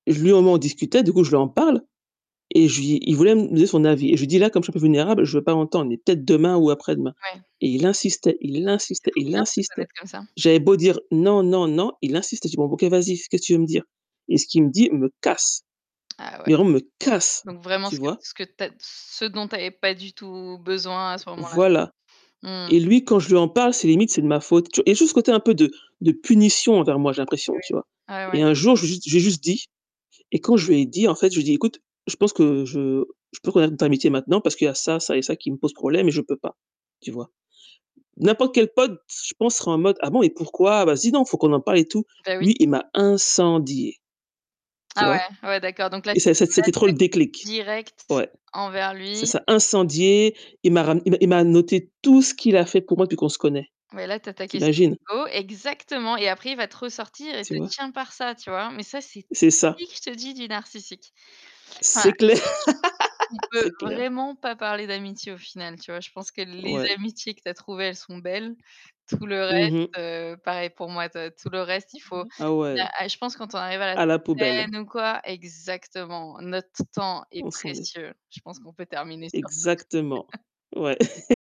Lui au moins on discutait, du coup je lui en parle et je lui il voulait me donner son avis. Et je lui dis: «Là, comme je suis un peu vulnérable, je veux pas entendre, mais peut-être demain ou après-demain» Ouais. et il insistait, il C'est insistait, trop il bien de se insistait. connaître comme ça. J'avais beau dire: «Non, non, non», il insiste et j'ai dit: «Bon OK, vas-y, qu'est-ce que tu veux me dire?» et ce qu'il me dit, il me casse. Ah ouais. Mais vraiment me casse! Donc vraiment Tu ce que vois? ce que tu as ce dont tu avais pas du tout besoin à ce moment-là. Voilà. Mmh. Et lui quand je lui en parle, c'est limite c'est de ma faute. Tu et juste côté un peu de de punition envers moi j'ai Et l'impression, oui, tu vois? ah ouais. Et un jour, j'ai juste j'ai juste dit, et quand je lui ai dit en fait, je lui dis: «Écoute, je pense que je je peux connaître notre amitié maintenant parce qu'il y a ça, ça et ça qui me posent problème et je peux pas», tu vois? N'importe quel pote, je pense, serait en mode: «Ah bon et pourquoi? Vas-y, non, faut qu'on en parle et tout». Bah oui. Lui, il m'a incendié, tu Ah vois? ouais, ouais d'accord. Donc là, Et c'était c'est c'est une c'était attaque, trop le déclic, directe ouais. envers C'est lui ça, [unintelligible] incendié, il m'a ra il m'a il m'a noté tout ce qu'il a fait pour moi depuis qu'on se connaît, Ouais là tu as ta tu question imagines. d'ego, exactement et après il va te ressortir et Tu te vois? tient par ça tu vois, mais ça c'est C'est ça. typique je te dis du narcissique. Enfin, C'est clair, je pense qu'on peut c'est clair. vraiment pas parler d'amitié au final, tu vois? Je pense que les Ouais. amitiés que tu as trouvées elles sont belles, tout le Mmh reste, mh. heu, pareil pour moi toi, tout le reste il faut [unintelligible] Ah ouais. [unintelligible] je pense quand on arrive à la À la poubelle. trentaine ou quoi exactement, notre temps est On s'en est précieux. Je pense qu'on peut terminer sur ça. Exactement. Ouais.